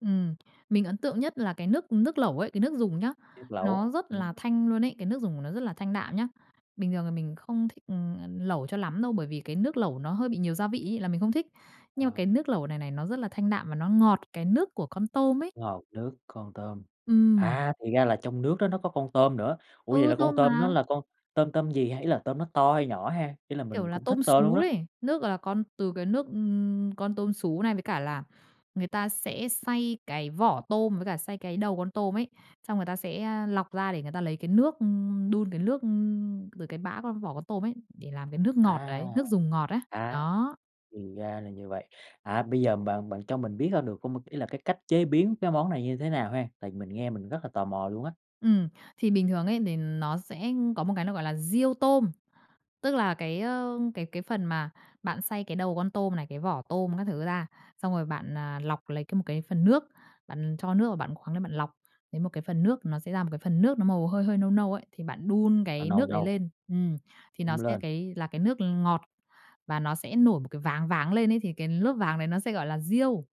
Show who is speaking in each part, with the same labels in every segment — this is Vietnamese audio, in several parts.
Speaker 1: Ừm. Mình ấn tượng nhất là cái nước nước lẩu ấy. Cái nước dùng nhá,
Speaker 2: [unintelligible] lẩu.
Speaker 1: nó rất
Speaker 2: Ừm.
Speaker 1: là thanh luôn ấy, cái nước dùng của nó rất là thanh đạm nhá. Bình thường là mình không thích, ừ, ờ, lẩu cho lắm đâu bởi vì cái nước lẩu nó hơi bị nhiều gia vị ấy là mình không thích. Nhưng mà cái
Speaker 2: Ờ.
Speaker 1: nước lẩu này này, nó rất là thanh đạm và nó ngọt cái nước của con tôm ấy.
Speaker 2: Ngọt nước, con tôm.
Speaker 1: Ừm.
Speaker 2: À, thì ra là trong nước đó nó có con tôm nữa. Ủa, vậy
Speaker 1: Ừ,
Speaker 2: là con
Speaker 1: tôm
Speaker 2: tôm đó
Speaker 1: mà.
Speaker 2: là con tôm tôm gì? Thấy là tôm nó to hay nhỏ ha? Y là
Speaker 1: Kiểu
Speaker 2: mình
Speaker 1: là,
Speaker 2: cũng thích
Speaker 1: tôm
Speaker 2: tôm luôn
Speaker 1: sú
Speaker 2: á.
Speaker 1: ấy. Nước, gọi là, con từ cái nước, ừm, con tôm sú này với cả là người ta sẽ xay cái vỏ tôm với cả xay cái đầu con tôm ấy, xong người ta sẽ, a, lọc ra để người ta lấy cái nước ư, đun cái nước, ư, từ cái bã con vỏ con tôm ấy để làm cái nước ngọt
Speaker 2: À,
Speaker 1: đấy, nước dùng ngọt ấy,
Speaker 2: à.
Speaker 1: đó.
Speaker 2: Thì ra là như vậy. À, bây giờ bạn bạn cho mình biết hơn được hông? Ý là cái cách chế biến cái món này như thế nào ha? Tại vì mình nghe mình rất là tò mò luôn á.
Speaker 1: Ừm, thì bình thường ấy đề nó sẽ có một cái nó gọi là riêu tôm. Tức là cái, ơ, cái cái phần mà bạn xay cái đầu con tôm này, cái vỏ tôm các thứ ra, xong rồi bạn, à, lọc lấy c một cái phần nước, bạn cho nước vào bạn khoắng lên bạn lọc lấy một cái phần nước, nó sẽ ra một cái phần nước nó màu hơi hơi nâu nâu ấy, thì bạn đun
Speaker 2: Nó
Speaker 1: cái
Speaker 2: nâu
Speaker 1: nước ấy
Speaker 2: nâu.
Speaker 1: lên. Ừm, thì nó
Speaker 2: Đun
Speaker 1: sẽ
Speaker 2: lên.
Speaker 1: cái là cái nước ngọt và nó sẽ nổi một cái váng váng lên ấy, thì cái lớp váng đấy nó sẽ gọi là riêu.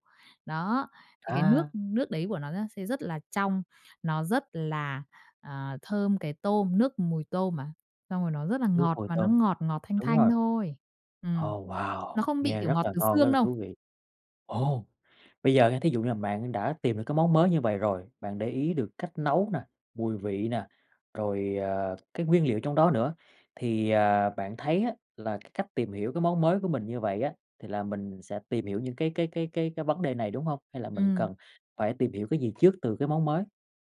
Speaker 1: Đó, thì cái nước
Speaker 2: À!
Speaker 1: nước đấy của nó da sẽ rất là trong, nó rất là, à, thơm cái tôm, nước mùi tôm mà, xong rồi nó rất là
Speaker 2: Nước
Speaker 1: ngọt,
Speaker 2: mùi
Speaker 1: mà nó
Speaker 2: tôm.
Speaker 1: ngọt ngọt thanh
Speaker 2: Đúng
Speaker 1: thanh
Speaker 2: rồi.
Speaker 1: thôi. Ừm,
Speaker 2: Ồ, wow!
Speaker 1: nó không bị,
Speaker 2: Nghe
Speaker 1: kiểu,
Speaker 2: rất
Speaker 1: ngọt
Speaker 2: là
Speaker 1: từ
Speaker 2: ngon, rất
Speaker 1: xương
Speaker 2: là
Speaker 1: đâu.
Speaker 2: thú vị, ồ! Bây giờ nha thí dụ như là bạn đã tìm được cái món mới như vậy rồi, bạn để ý được cách nấu nè, mùi vị nè, rồi, à, cái nguyên liệu trong đó nữa, thì, ờ, bạn thấy á là cái cách tìm hiểu cái món mới của mình như vậy á, thì là mình sẽ tìm hiểu những cái cái cái cái cái vấn đề này, đúng hông? Hay là mình
Speaker 1: Ừm.
Speaker 2: cần phải tìm hiểu cái gì trước từ cái món mới?